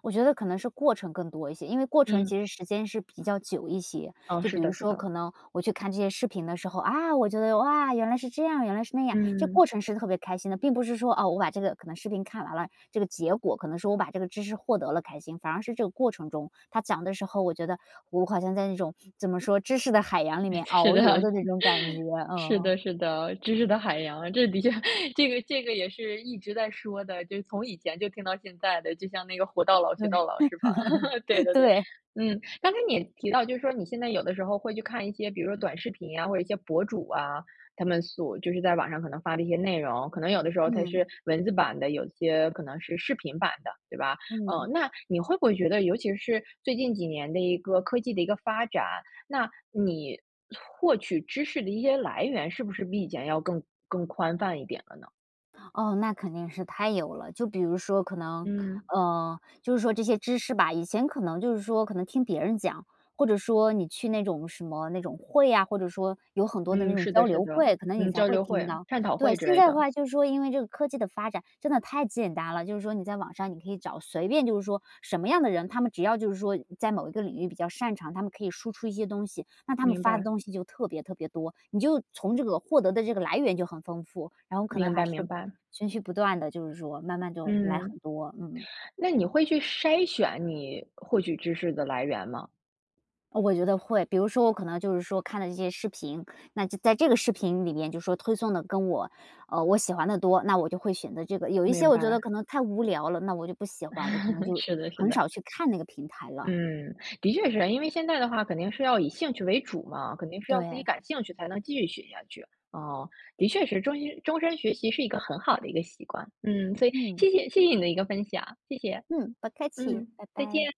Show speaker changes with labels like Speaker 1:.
Speaker 1: 我觉得可能是过程更多一些，因为过程其
Speaker 2: 嗯。
Speaker 1: 实时间是比较久一些，
Speaker 2: 嗯，
Speaker 1: 就比
Speaker 2: 是
Speaker 1: 如
Speaker 2: 的是
Speaker 1: 说
Speaker 2: 的。
Speaker 1: 可能我去看这些视频的时候，啊，我觉得，哇，原来是这样，原来是那样。这个
Speaker 2: 嗯。
Speaker 1: 过程是特别开心的，并不是说，哦，我把这个可能视频看完了，这个结果可能说我把这个知识获得了开心，反而是这个过程中它讲得时候我觉得我好像在那种怎么说，知识的海洋里
Speaker 2: 诶，
Speaker 1: 面
Speaker 2: 是
Speaker 1: 遨
Speaker 2: 的。
Speaker 1: 游的那种感觉，
Speaker 2: 是
Speaker 1: 嗯。
Speaker 2: 的是的，知识的海洋，这的确这个这个也是一直在说的。就是从以前就听到现在的，就像那个活到老学到老是吧，对 的，对。
Speaker 1: 对。
Speaker 2: 嗯，刚才你提到就是说你现在有的时候会去看一些比如说短视频啊，或者一些博主啊，他们所就是在网上可能发的一些内容，可能有的时候它是
Speaker 1: 嗯。
Speaker 2: 文字版的，有些可能是视频版的，对吧？嗯，
Speaker 1: 嗯。
Speaker 2: 那你会不会觉得尤其是最近几年的一个科技的一个发展，那你获取知识的一些来源，是不是比以前要更更宽泛一点了呢？
Speaker 1: 哦，那肯定是太有了，就比如说可能，
Speaker 2: 嗯。
Speaker 1: 嗯，就是说这些知识吧，以前可能就是说可能听别人讲，或者说你去那种什么那种会啊，或者说有很多的那
Speaker 2: 嗯，
Speaker 1: 种
Speaker 2: 是
Speaker 1: 交
Speaker 2: 的是
Speaker 1: 流
Speaker 2: 的，
Speaker 1: 会，可能你
Speaker 2: 嗯，
Speaker 1: 才
Speaker 2: 交
Speaker 1: 会
Speaker 2: 流
Speaker 1: 听
Speaker 2: 会，
Speaker 1: 到。
Speaker 2: 探讨
Speaker 1: 对，
Speaker 2: 会之
Speaker 1: 现
Speaker 2: 类
Speaker 1: 在的
Speaker 2: 的。
Speaker 1: 话就是说因为这个科技的发展真的太简单了，就是说你在网上你可以找，随便就是说什么样的人，他们只要就是说在某一个领域比较擅长，他们可以输出一些东西，那他们
Speaker 2: 明
Speaker 1: 发的
Speaker 2: 白。
Speaker 1: 东西就特别特别多，你就从这个获得的这个来源就很丰富，然后可能
Speaker 2: 明
Speaker 1: 还
Speaker 2: 白
Speaker 1: 是
Speaker 2: 明白。
Speaker 1: 持续不断地就是说慢慢就来
Speaker 2: 嗯。
Speaker 1: 很多，嗯。
Speaker 2: 那你会去筛选你获取知识的来源吗？
Speaker 1: 我觉得会，比如说我可能就是说看了这些视频，那就在这个视频里面就是说推送的跟我呃，我喜欢的多，那我就会选择这个，有一些
Speaker 2: 明
Speaker 1: 我觉得
Speaker 2: 白。
Speaker 1: 可能太无聊了，那我就不喜欢，我可能 就
Speaker 2: 是的是
Speaker 1: 很
Speaker 2: 的。
Speaker 1: 少去看那个平台了。
Speaker 2: 嗯，的确是啊，因为现在的话肯定是要以兴趣为主嘛，肯定是要自己
Speaker 1: 对。
Speaker 2: 感兴趣才能继续学下去，啊，的确是终身终身学习是一个很好的一个习惯，嗯，所以
Speaker 1: 嗯。
Speaker 2: 谢谢谢谢你的一个分享，谢谢。
Speaker 1: 嗯，不客气，
Speaker 2: 嗯，
Speaker 1: 拜
Speaker 2: 再
Speaker 1: 拜。
Speaker 2: 见。